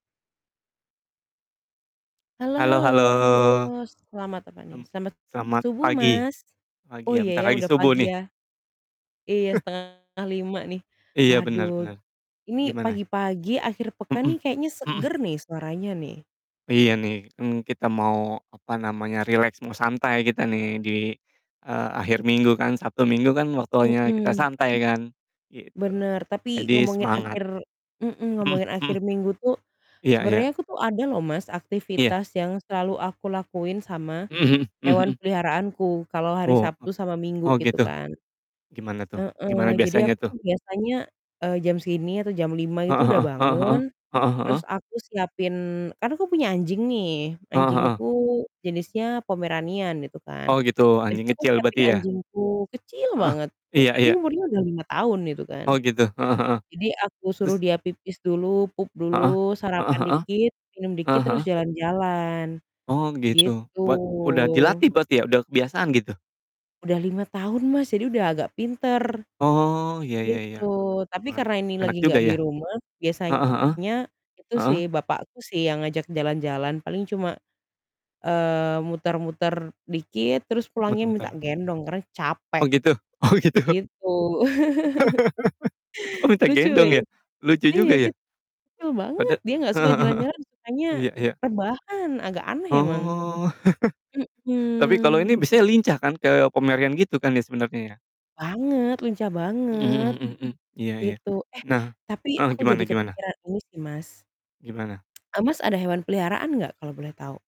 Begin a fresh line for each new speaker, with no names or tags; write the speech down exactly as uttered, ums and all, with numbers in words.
Halo
Halo
halo
halo,
selamat apa nih,
mmm,
selamat
selamat
subuh,
pagi.
Mas. Oh
Pagi ya,
iya
bentar
ya,
lagi
udah
subuh
pagi
nih.
ya. Iya setengah lima nih.
Iya benar
Waduh,
benar.
ini
Gimana?
pagi-pagi akhir pekan
Mhm,
nih kayaknya
mhm.
seger nih suaranya nih.
Iya nih, mmm, kita mau, apa namanya, rileks mau santai kita nih di, eee, akhir minggu kan, Sabtu Minggu kan waktunya kita
Mhm.
santai kan? Gitu.
Bener, tapi
Jadi
ngomongin
semangat.
akhir mhm,
Mhm
ngomongin akhir
mhm.
minggu tuh
Iya
sebenarnya
iya.
aku tuh ada loh Mas,
Iya.
aktivitas yang selalu aku lakuin sama
Mmm, mhm mmm,
hewan
mhm.
peliharaanku kalau hari
Oh,
Sabtu
apa
sama Minggu
oh,
gitu
gitu?
kan.
Gimana tuh? Gimana
Heeh, jadi aku
biasanya tuh?
tuh biasanya, eee, jam segini atau jam lima itu
Heeh
udah
heeh. Heeh heeh.
bangun
Heeh heeh.
terus aku siapin kan aku punya anjing nih,
Heeh heeh.
anjingku jenisnya Pomeranian gitu kan.
Oh gitu, anjing
Biasanya aku
kecil
siapin
berarti ya?
anjingku kecil
Heeh,
banget, e
iya
tapi
iya.
umurnya udah lima tahun gitu kan.
Oh gitu, heeh heeh.
Jadi aku suruh
Terus?
dia pipis dulu, pup
Heeh?
dulu,
Heeh
sarapan
heeh?
dikit, minum dikit
Eee,
terus
heeh.
jalan-jalan,
Oh gitu.
gitu.
Buat udah dilatih berarti ya udah kebiasaan gitu?
Udah lima tahun Mas, jadi udah agak pinter,
Oh, iya iya iya,
gitu. Tapi karena
pantes,
ini
enak
lagi
juga,
gak
iya?
di rumah,
Heeh heeh.
biasanya itu
Heeh?
sih bapakku sih yang ngajak jalan-jalan, paling cuma, eee, muter-muter dikit terus pulangnya
Betul betul.
minta gendong karena capek,
Oh gitu oh gitu?
gitu.
Oh minta
Lucu
gendong
ya?
ya? Lucu
Iya
juga ya.
kecil banget
Pada
dia gak
eee,
suka
heeh heeh.
jalan-jalan sukanya
Iya iya.
rebahan, agak aneh emang,
Oh. Tapi kalau ini
mhm.
biasanya lincah kan ke Pomeranian gitu kan ya sebenarnya ya?
Banget, lincah
Mhm
banget
mhm, mmm mmm, iya iya.
gitu. Eh,
Nah
tapi
eh,
aku
gimana
jadi
gimana?
kepikiran ini sih, Mas.
Gimana?
Eee, Mas ada hewan peliharaan gak kalau boleh tahu?